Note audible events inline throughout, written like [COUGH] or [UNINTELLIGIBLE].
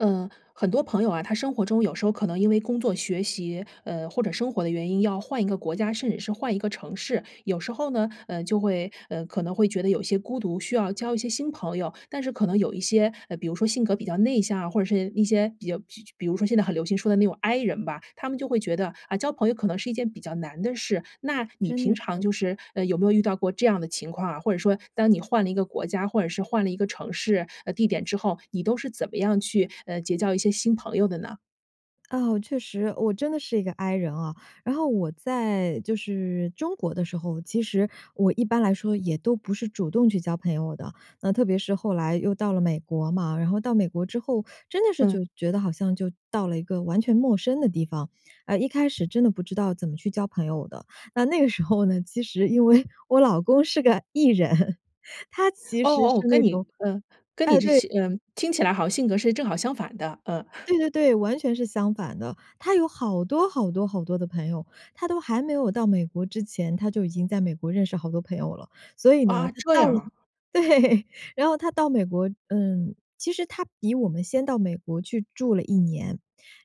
呃，很多朋友啊，他生活中有时候可能因为工作、学习，呃，或者生活的原因要换一个国家，甚至是换一个城市。有时候呢，呃，就会呃，可能会觉得有些孤独，需要交一些新朋友。但是可能有一些，呃，比如说性格比较内向啊，或者是一些比较就就比如说现在很流行说的那种 I 人吧，他们就会觉得-啊，交朋友可能是一件比较难的事。那你真平的是。常就是，呃，有没有遇到过这样的情况啊？或者说，当你换了一个国家，或者是换了一个城市，呃，地点之后，你都是怎么样去，呃，结交一些新朋友的呢？哦，确实，我真的是一个 I 人哦。然后我在就是中国的时候，其实我一般来说也都不是主动去交朋友的。那特别是后来又到了美国嘛，然后到美国之后，真的是就嗯。觉得好像就到了一个完全陌生的地方。哎，一开始真的不知道怎么去交朋友的。那那个时候呢，其实因为我老公是个 E 人，[CHUCKLES] 他其哦，实是哦，跟那你种呃，跟你哎，这对些嗯，听起来好像性格是正好相反的，嗯。[CHUCKLES] 对对对，完全是相反的。他有好多好多好多的朋友。他都还没有到美国之前，他就已经在美国认识好多朋友了。所以呢，啊，他这到样了啊。对，然后他到美国嗯，其实他比我们先到美国去住了1年。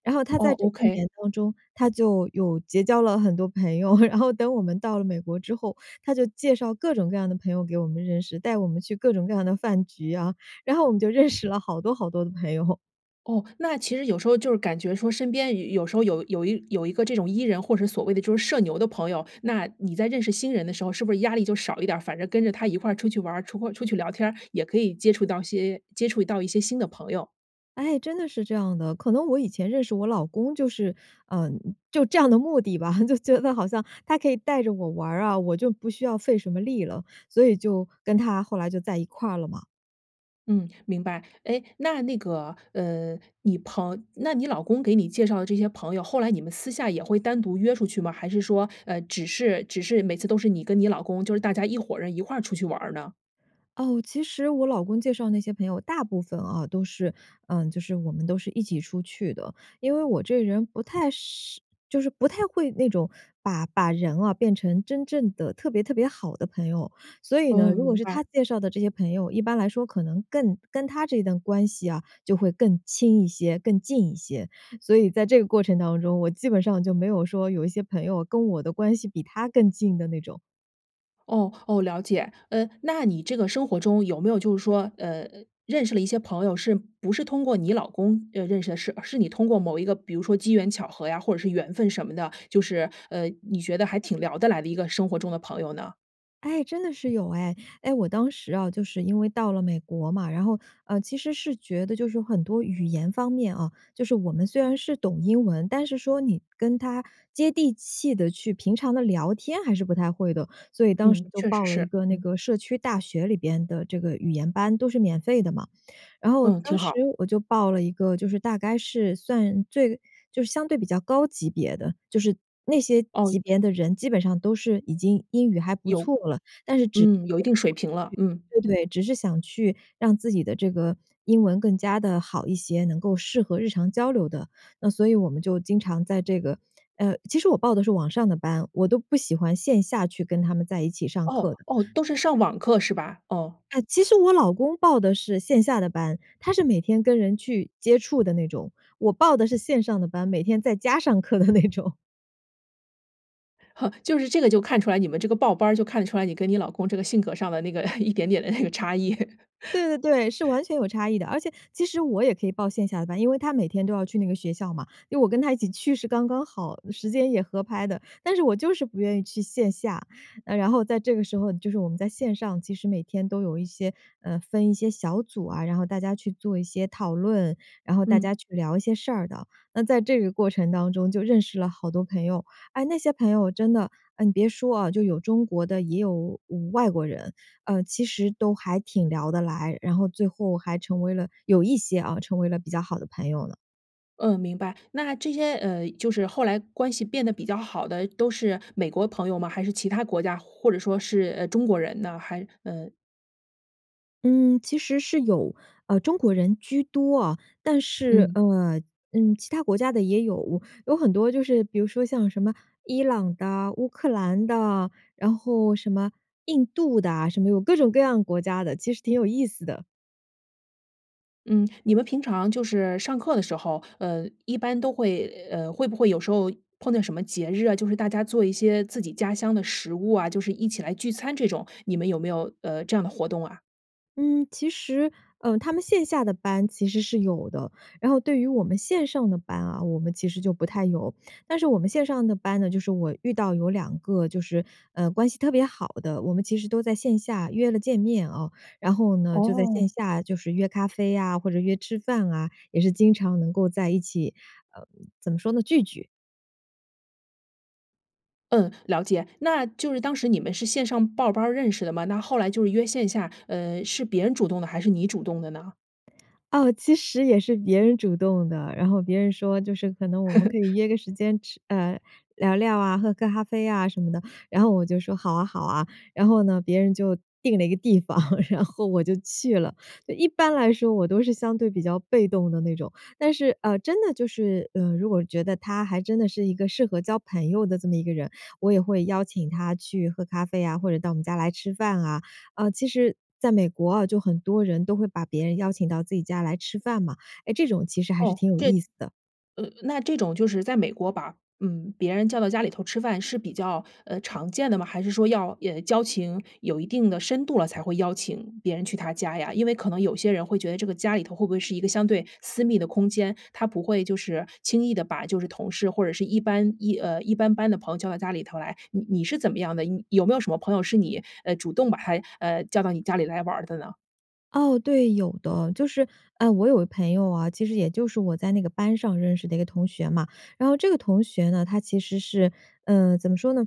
然后他哦在这1，okay。年当中，他就有结交了很多朋友。[CHUCKLES] 然后等我们到了美国之后，他就介绍各种各样的朋友给我们认识，带我们去各种各样的饭局呀。然后我们就认识了好多好多的朋友。哦，那其实有时候，就是感觉说身边有时候有有一有一个这种 E 人，或者所谓的就是社牛的朋友，那你在认识新人的时候是不是压力就少一点？反正跟着他一块出去玩儿，出阔出去聊天儿，也可以接触到些接触到一些新的朋友？哎，真的是这样的。可能我以前认识我老公就是呃，就这样的目的吧，就觉得好像他可以带着我玩儿啊，我就不需要费什么力了，所以就跟他后来就在一块儿了嘛。嗯，明白。哎，那那个，呃，你朋那你老公给你介绍的这些朋友，后来你们私下也会单独约出去吗？还是说，呃，只是只是每次都是你跟你老公就是大家一伙人一块出去玩儿呢？哦，其实我老公介绍那些朋友大部分哦，都是呃，就是我们都是一起出去的。因为我这个人不太是就是不太会那种把把人哦，变成真正地特别特别好的朋友。所以呢，哦，如果明是他白。介绍的这些朋友，一般来说可能更跟他这段关系啊，就会更亲一些，更近一些。所以在这个过程当中，我基本上就没有说有一些朋友跟我的关系比他更近的那种。哦，哦，了解。呃，那你这个生活中有没有就是说，呃，认识了一些朋友是不是通过你老公认认识的，是是你通过某一个比如说机缘巧合呀，或者是缘分什么的，就是，呃，你觉得还挺聊得来的一个生活中的朋友呢？哎，真的是有哎。哎，我当时哦，就是因为到了美国嘛，然后，呃，其实是觉得就是很多语言方面哦，就是我们虽然是懂英文，但是说你跟他接地气地去平常地聊天还是不太会的。所以当时嗯，就确报实了一是，个那嗯。个社区大学里边的这个语言班，都是免费的嘛。然后嗯，挺当时好。我就报了一个，就是大概是算最就是相对比较高级别的，就是那些哦。级别的人基本上都是已经英语还不有错了，但是只是嗯，有一定水想平了，嗯。去对，对，只是想去让自己的这个英文更加地好一些，能够适合日常交流的。那所以我们就经常在这个呃，其实我报的是网上的班，我都不喜欢线下去跟他们在一起上哦，课的。哦，都是上网课是吧？哦。哎，其实我老公报的是线下的班，他是每天跟人去接触的那种。我报的是线上的班，每天在家上课的那种。[LAUGHS] 就是这个就看出来，你们这个报班儿，就看得出来，你跟你老公这个性格上的那个 [CHUCKLES] 一点点的那个差异。[CHUCKLES] 对，对，对，是完全有差异的。而且其实我也可以报线下的班，因为他每天都要去那个学校嘛，因为我跟他一起去是刚刚好，时间也合拍的。但是我就是不愿意去线下。呃，然后在这个时候，嗯，就是我们在线上，其实每天都有一些，呃，分一些小组啊，然后大家去做一些讨论，然后大嗯。家去聊一些事儿的。那在这个过程当中，就认识了好多朋友。哎，那些朋友真的，哎，你别说哦，就有中国的，也有外国人，呃，其实都还挺聊得来，然后最后还成为了-有一些哦-成为了比较好的朋友了。嗯，明白。那这些，呃，就是后来关系变得比较好的，都是美国朋友吗？还是其他国家，或者说是，呃，中国人呢？还呃嗯，其实是有，呃，中国人居多哦。但是，嗯。呃，嗯，其他国家的也有，有很多就是比如说像什么伊朗的、乌克兰的，然后什么印度的，什么有各种各样国家的，其实挺有意思的。嗯，你们平常就是上课的时候，呃，一般都会呃，会不会有时候碰到什么节日啊，就是大家做一些自己家乡的食物啊，就是一起来聚餐这种，你们有没有，呃，这样的活动啊？嗯，其实，呃，他们线下的班其实是有的。然后对于我们线上的班啊，我们其实就不太有。但是我们线上的班呢，就是我遇到有2个就是，呃，关系特别好的，我们其实都在线下约了见面哦。然后呢，就在线哦。下就是约咖啡呀，或者约吃饭啊，也是经常能够在一起，呃，怎么说呢，聚聚。嗯，了解。那就是当时你们是线上报班儿认识的吗？那后来就是约线下，呃，是别人主动的，还是你主动的呢？哦，其实也是别人主动的。然后别人说，就是：“可能我们可以 [LAUGHS] 约个时间吃呃，聊聊啊、喝个咖啡呀什么的。”然后我就说：“好啊，好啊。”然后呢，别人就定了一个地方，[LAUGHS] 然后我就去了。呃，一般来说我都是相对比较被动的那种。但是，呃，真的就是，呃，如果觉得他还真的是一个适合交朋友的这么一个人，我也会邀请他去喝咖啡呀，或者到我们家来吃饭啊。呃，其实在美国哦，就很多人都会把别人邀请到自己家来吃饭嘛。哎，这种其实还是哦，挺有这意思的。呃那这种就是在美国把嗯，别人叫到家里头吃饭，是比较，呃，常见的吗？还是说要，呃，交情有一定的深度了，才会邀请别人去他家呀？因为可能有些人会觉得这个家里头会不会是一个相对私密的空间，他不会就是轻易地把就是同事或者是一般一呃一般般的朋友叫到家里头来。你你是怎么样的？你有没有什么朋友是你，呃，主动把他，呃，叫到你家里来玩儿的呢？哦，对，有的。就是，呃，我有个朋友哦，其实也就是我在那个班上认识的一个同学嘛。然后这个同学呢，他其实是呃，怎么说呢，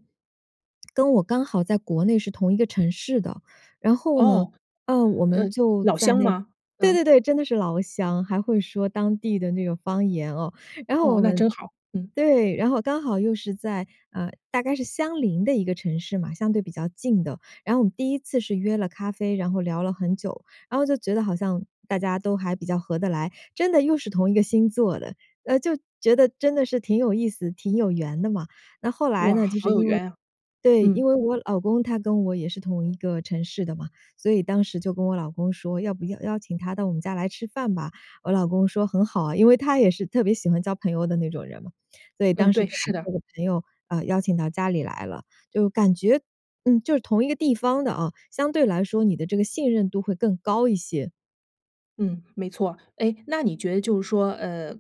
[SMACKS LIPS] 跟我刚好在国内是同一个城市的。然后呢，哦，呃，我呃，们就老在乡那吗？对嗯。对对，真的是老乡，还会说当地的那个方言哦。然后我哦，那们真好，嗯。对，然后刚好又是在呃，大概是相邻的一个城市嘛，相对比较近的。然后我们第1次是约了咖啡，然后聊了很久，然后就觉得好像大家都还比较合得来。真的又是同一个星座的，呃，就觉得真的是挺有意思、挺有缘的嘛。那后来哇，呢，就好是有因为缘呀，对，嗯。因为我老公他跟我也是同一个城市的嘛。所以当时就跟我老公说，要不要邀请他到我们家来吃饭吧，我老公说：“很好啊。”因为他也是特别喜欢交朋友的那种人嘛。所以嗯，当时对，就把是的。这个朋友，呃，邀请到家里来了。就感觉，嗯，就是同一个地方的啊，相对来说你的这个信任度会更高一些。嗯，没错。哎，那你觉得就是说，呃，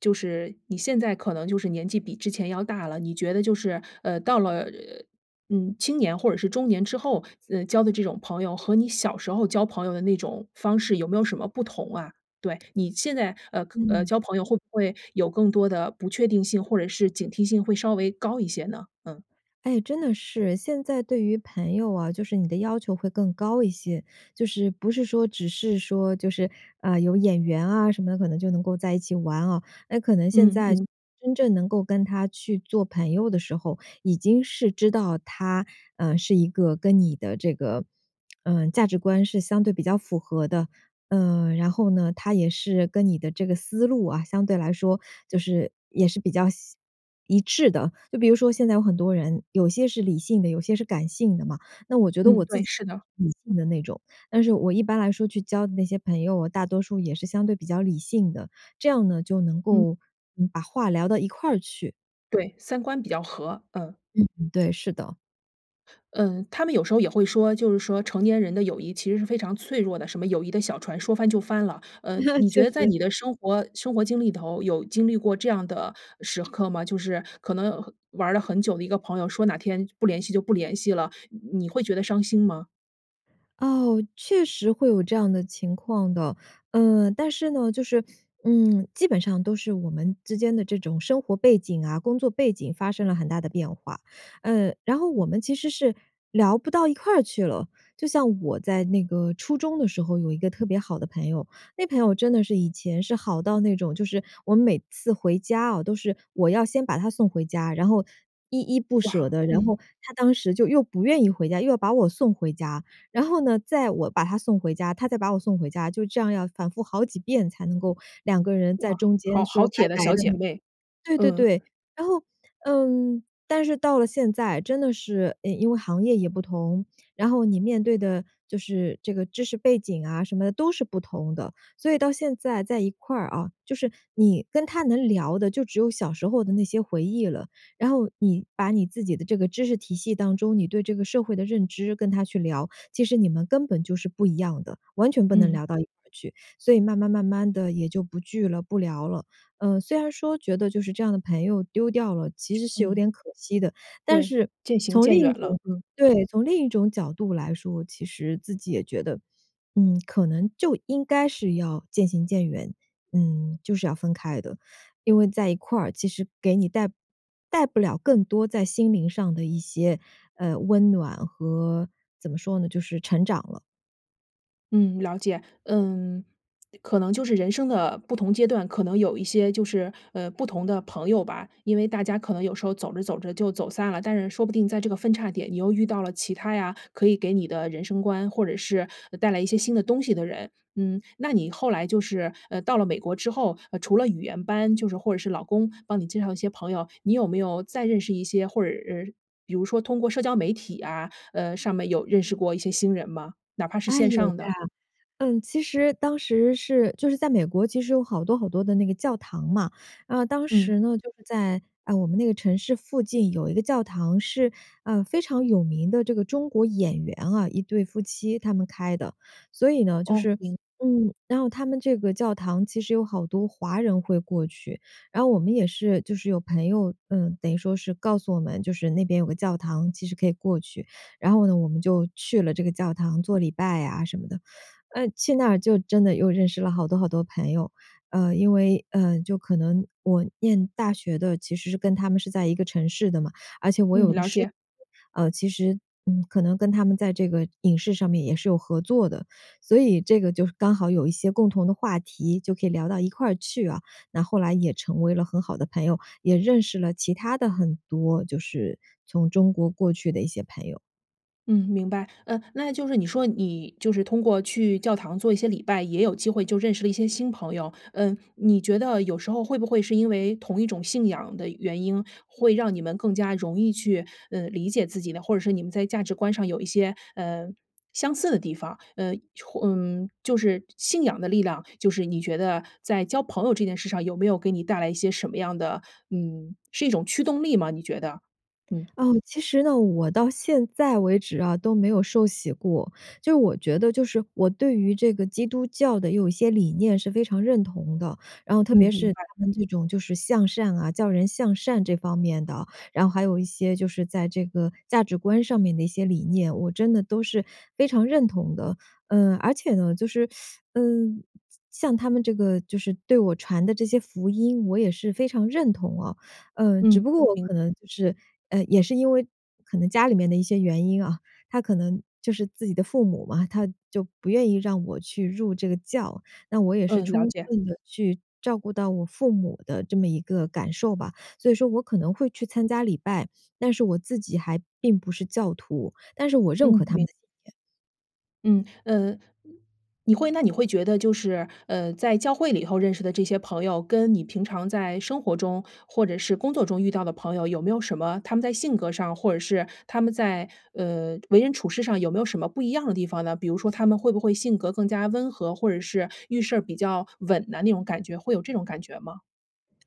就是你现在可能就是年纪比之前要大了，你觉得就是，呃，到了呃呃嗯，青年或者是中年之后，嗯，交的这种朋友和你小时候交朋友的那种方式有没有什么不同啊？对，你现在，呃呃，嗯。交朋友会不会有更多的不确定性，或者是警惕性会稍微高一些呢？嗯。哎，真的是哎。现在对于朋友啊，就是你的要求会更高一些。就是，不是说只是说就是，啊，有眼缘啊什么的，可能就能够在一起玩哦。呃，可能现嗯，在去嗯。真正能够跟他去做朋友的时候，已经是知道他，嗯，是一个跟你的这个，[SMACKS LIPS] 嗯，价值观是相对比较符合的。呃，然后呢，他也是跟你的这个思路啊，相对来说就是，也是比较像一致的。就比如说现在有很多人，有些是理性的，有些是感性的嘛。那我觉得嗯，我自对，己是 [UNINTELLIGIBLE] 的。理性的那种。但是我一般来说去交的那些朋友，大多数也是相对比较理性的，这样呢，就能嗯。够，嗯把话聊到一块儿去。对，三观比较合，嗯。嗯，对，是的。嗯，他们有时候也会说就是说成年人的友谊其实是非常脆弱的，什么友谊的小船说翻就翻了。呃，[LAUGHS] 你觉确得在实。你的生活生活经历里头，有经历过这样的时刻吗？就是可能和玩了很久的一个朋友，说哪天不联系就不联系了，你你会觉得伤心吗？哦，确实会有这样的情况的。呃，但是呢，就是，嗯，基本上都是我们之间的这种生活背景啊、工作背景发生了很大的变化，呃，然后我们其实是聊不到一块去了。就像我在那个初中的时候，有一个特别好的朋友，那朋友真的是以前是好到那种，就是我每次回家啊，都是我要先把她送回家，然后依依不舍哇，的，然嗯。后她当时就又不愿意回家，又要把我送回家。然后呢，再我把她送回家，她再把我送回家，就这样要反复好几遍才能够2个人在哇，中间好好说拜铁的拜小的那姐种妹，对对嗯。对。然后，嗯，但是到了现在，真的是，呃，因为行业也不同，然后你面对的就是这个知识背景啊，什么的都是不同的，所以到现在在一块儿哦，就是你跟她能聊的就只有小时候的那些回忆了。然后你把你自己的这个知识体系当中，你对这个社会的认知跟她去聊，其实你们根本就是不一样的，完全不能嗯。聊到一块儿去，所以慢慢慢慢地也就不聚了、不聊了。呃，虽然说觉得就是这样的朋友丢掉了，其实是有嗯，点可惜的，但对，是渐行从另渐远一了，种嗯。对，从另一种角度来说，其实自己也觉得，嗯，可能就应该是要渐行渐远，嗯，就是要分开的。因为在一块儿，其实给你带带不了更多在心灵上的一些，呃，温暖和怎么说呢，就是成长了。嗯，了解。嗯，可能就是人生的不同阶段，可能有一些就是，呃，不同的朋友吧，因为大家可能有时候走着走着就走散了，但是说不定在这个分岔点你又遇到了其他呀，可以给你的人生观，或者是带来一些新的东西的人。嗯，那你后来就是，呃，到了美国之后，呃，除了语言班，就是或者是老公帮你介绍一些朋友，你有没有再认识一些或者是比如说通过社交媒体啊，呃，上面有认识过一些新人吗？哪怕是哎，线有的。上的。嗯，其实当时是就是在美国其实有好多好多的那个教堂嘛，呃，当嗯。时呢，就是在，呃，我们那个城市附近有一个教堂是，呃，非常有名的这个中国演员啊，一对夫妻他们开的。所以呢就哦，是明嗯，然后他们这个教堂其实有好多华人会过去，然后我们也是就是有朋友，呃，等于说是告诉我们，就是那边有个教堂其实可以过去。然后呢，我们就去了这个教堂，做礼拜啊什么的。呃，去那儿就真的又认识了好多好多朋友。呃，因为，呃，就可能我念大学的，其实是跟他们是在一个城市的嘛，而且我嗯，有一个了师姐，解。呃，其实，嗯，可能跟他们在这个影视上面也是有合作的，所以这个就是刚好有一些共同的话题，就可以聊到一块去啊。那后来也成为了很好的朋友，也认识了其他的很多就是从中国过去的一些朋友。嗯，明白。呃，那就是你说你就是通过去教堂做一些礼拜，也有机会就认识了一些新朋友。嗯，你觉得有时候，会不会是因为同一种信仰的原因，会让你们更加容易去，嗯，理解自己呢？或者是你们在价值观上有一些，呃，相似的地方，呃，或嗯，就是信仰的力量，就是你觉得在交朋友这件事上，有没有给你带来一些什么样的嗯，是一种驱动力吗？你觉得，嗯。哦，其实呢，我到现在为止啊，都没有受洗过。就我觉得就是我对于这个基督教的有一些理念是非常认同的，然后特嗯，别明是白。他们这种就是向善啊教人向善这方面的，然后还有一些就是在这个价值观上面的一些理念，我真的都是非常认同的。呃，而且呢，就是，[SUCKS TEETH] 嗯，像像他们这个，就是对我传的这些福音，我也是非常认同哦。呃，只嗯，不过我明可能就是呃，也是因为可能家里面的一些原因啊，[CHUCKLES] 他可能就是自己的父母嘛，他就不愿意让我去入这个教，那我也是嗯，了充解。分地去照顾到我父母的这么一个感受吧。所以说我可能会去参加礼拜，但是我自己还并不是教徒，但是我认可嗯，他们明的信念。嗯，呃，你会那你会觉得就是，呃，在教会里头认识的这些朋友，跟你平常在生活中，或者是工作中遇到的朋友，有没有什么他们在性格上，或者是他们在，呃，为人处事上，有没有什么不一样的地方呢？比如说，他们会不会性格更加温和，或者是遇事儿比较稳呐，那种感觉。会有这种感觉吗？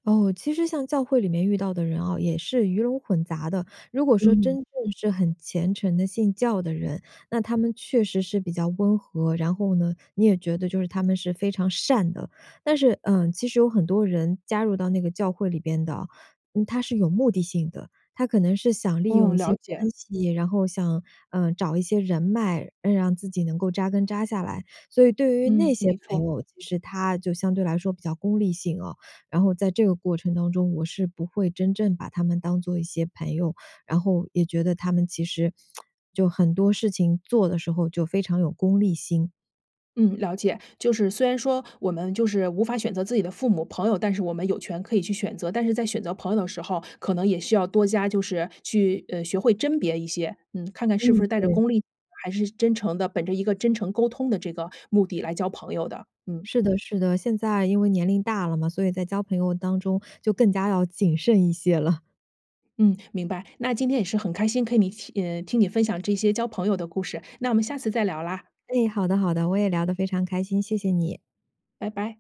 哦，其实像教会里面遇到的人哦，也是鱼龙混杂的。如果说真嗯。正是很虔诚的信教的人，那他们确实是比较温和，然后呢，你也觉得就是他们是非常善的。但是，呃，其实有很多人，加入到那个教会里边的哦，嗯，他是有目的性的。他可能是想利用嗯，一些了解。关系，然后想，呃，找一些人脉，让自己能够扎根扎下来。所以对于那嗯，些没朋错。友，其实他就相对来说比较功利性哦，然后在这个过程当中，我是不会真正把他们当做一些朋友，然后也觉得他们其实 [SMACKS LIPS] 就很多事情做的时候就非常有功利心。嗯，了解。就是虽然说，我们就是无法选择自己的父母、朋友，但是我们有权可以去选择。但是在选择朋友的时候，可能也需要多加就是去，呃，学会甄别一些。嗯，看看是不嗯，是带着对。功利，还是真诚的，本着一个真诚沟通的这个目的来交朋友的，嗯。是的，是的，现在因为年龄大了嘛，所以在交朋友当中，就更加要谨慎一些了。嗯，明白。那今天也是很开心跟你一起呃，听你分享这些交朋友的故事，那我们下次再聊啦。哎，好的，好的。我也聊得非常开心，谢谢你。拜拜。